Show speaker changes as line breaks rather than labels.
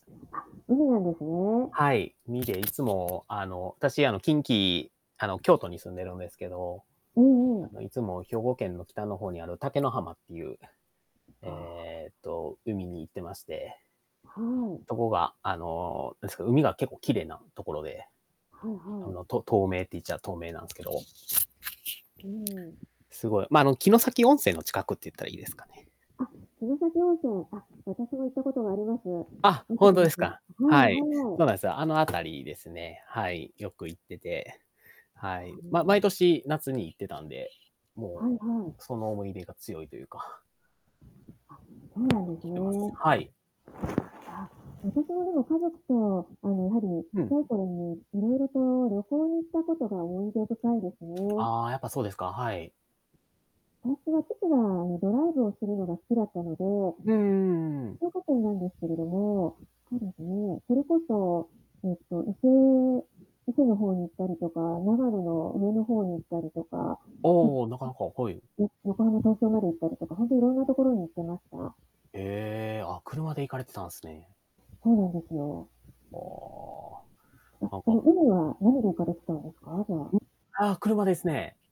海なんですね。
はい。みでいつもあの、私あの近畿、あの京都に住んでるんですけど。
うんうん。
あの、いつも兵庫県の北の方にある竹の浜っていう、
ああ。
ええと海に行ってまして。
はい。
とこがあのですけど、海が結構綺麗なところで。
はい
あ
はい。
の、と透明って言っちゃ透明なんすけど。
うん。
すごい、ま、あの、城崎温泉の近くって言ったらいいですかね？
あ、城崎温泉、あ、私も行ったことがあります。
あ、
いいと
ほん
こ
とで
で
す
すね。
か。
は
は
い
い。
は
そ
い。
うなんすよ、あのあたりですね。はい、よく行ってて、は
は
い。
み
ま毎
が
年夏に行ってたんで、
は
も
い
う、
はい。
その思い出が強いというか。
あ、そうな
よ
んです
くき
ね。
てます。はい。
ああ。私もでも家族とあのやはり、ち
う
っち
ん。
ゃい頃にいろいろと旅行に行ったことが思い出深いですね。
ああ、やっぱそうですか、はい。
私は父が、あの、ドライブをするのが好きだったので、
うんうんうんうん。
静岡県なんですけれども、そうですね、それこそ、えっと、伊勢伊勢の方に行ったりとか、長野の上の方に行ったりとか、とん、
おお、なかなか、はい。
よ横浜東京まで行ったりとか、ほんとにいろんなところに行ってました。
へえ、あ、車で行かれてたんすね。
そうなんですよ。
あ
あ、
あ、なん
そ
か
の、海は何で行かれてたんですか？じゃあ。
ん、ああ、車ですね。